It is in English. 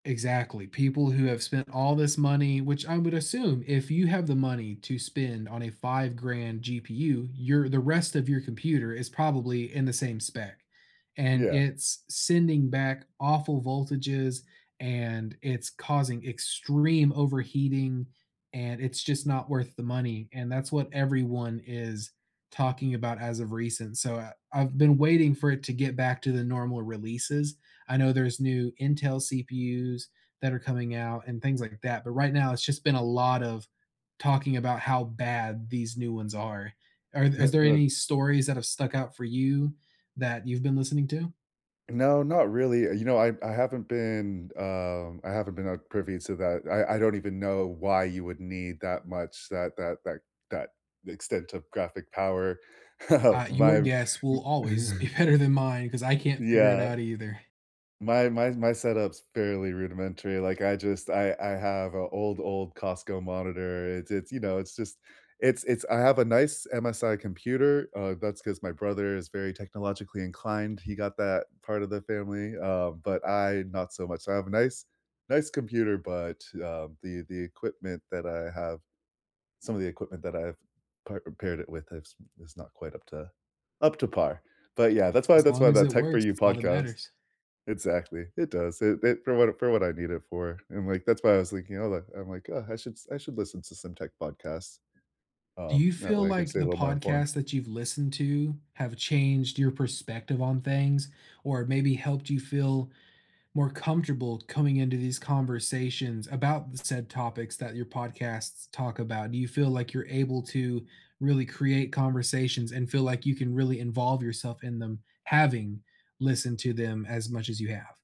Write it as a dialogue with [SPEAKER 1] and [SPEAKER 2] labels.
[SPEAKER 1] Exactly, people who have spent all this money which I would assume, if you have the money to spend on a five-grand GPU, your the rest of your computer is probably in the same spec, and
[SPEAKER 2] Yeah.
[SPEAKER 1] it's sending back awful voltages, and it's causing extreme overheating, and it's just not worth the money, and that's what everyone is talking about as of recent, so, I I've been waiting for it to get back to the normal releases, I know there's new Intel CPUs that are coming out and things like that, but right now, it's just been a lot of talking about how bad these new ones are. Are is there any
[SPEAKER 2] [unintelligible]
[SPEAKER 1] stories that have stuck out for you that you've been listening to?
[SPEAKER 2] No, not really, uh, you know, I I haven't been um, I haven't, uh, been privy to that, I I don't even know why you would need that much that that that that the extent of graphic power,
[SPEAKER 1] Uh, your
[SPEAKER 2] my
[SPEAKER 1] guess will always be better than mine, 'cause I can't figure it
[SPEAKER 2] Yeah.
[SPEAKER 1] out either.
[SPEAKER 2] My my s my setup's fairly rudimentary, like, I just I I have a old, old Costco monitor, it's it's, you know it's just it's it's I have a nice MSI computer, uh, that's 'cause my brother is very technologically inclined, he got that part of the family, uh, but I not so much, I have a nice nice computer but, um, the the equipment that I have some of the equipment that I've pa uh, paired it with is is not quite up to up to par, but, yeah, that's why
[SPEAKER 1] As
[SPEAKER 2] that's
[SPEAKER 1] long
[SPEAKER 2] why
[SPEAKER 1] as
[SPEAKER 2] that
[SPEAKER 1] it
[SPEAKER 2] Tech for
[SPEAKER 1] works,
[SPEAKER 2] You
[SPEAKER 1] that's all that
[SPEAKER 2] podcast
[SPEAKER 1] matters.
[SPEAKER 2] exactly. It does, it it for what for what I need it for, and, like, that's why I was thinking, "Oh, like" I'm like, "Oh, I should I should listen to some tech podcasts."
[SPEAKER 1] Do
[SPEAKER 2] Um,
[SPEAKER 1] you
[SPEAKER 2] that
[SPEAKER 1] feel
[SPEAKER 2] way, I could
[SPEAKER 1] like
[SPEAKER 2] stay a
[SPEAKER 1] the
[SPEAKER 2] little more informed.
[SPEAKER 1] podcasts that you've listened to have changed your perspective on things, or maybe helped you feel more comfortable coming into these conversations about the said topics that your podcasts talk about? Do you feel like you're able to really create conversations and feel like you can really involve yourself in them, having listened to them as much as you have?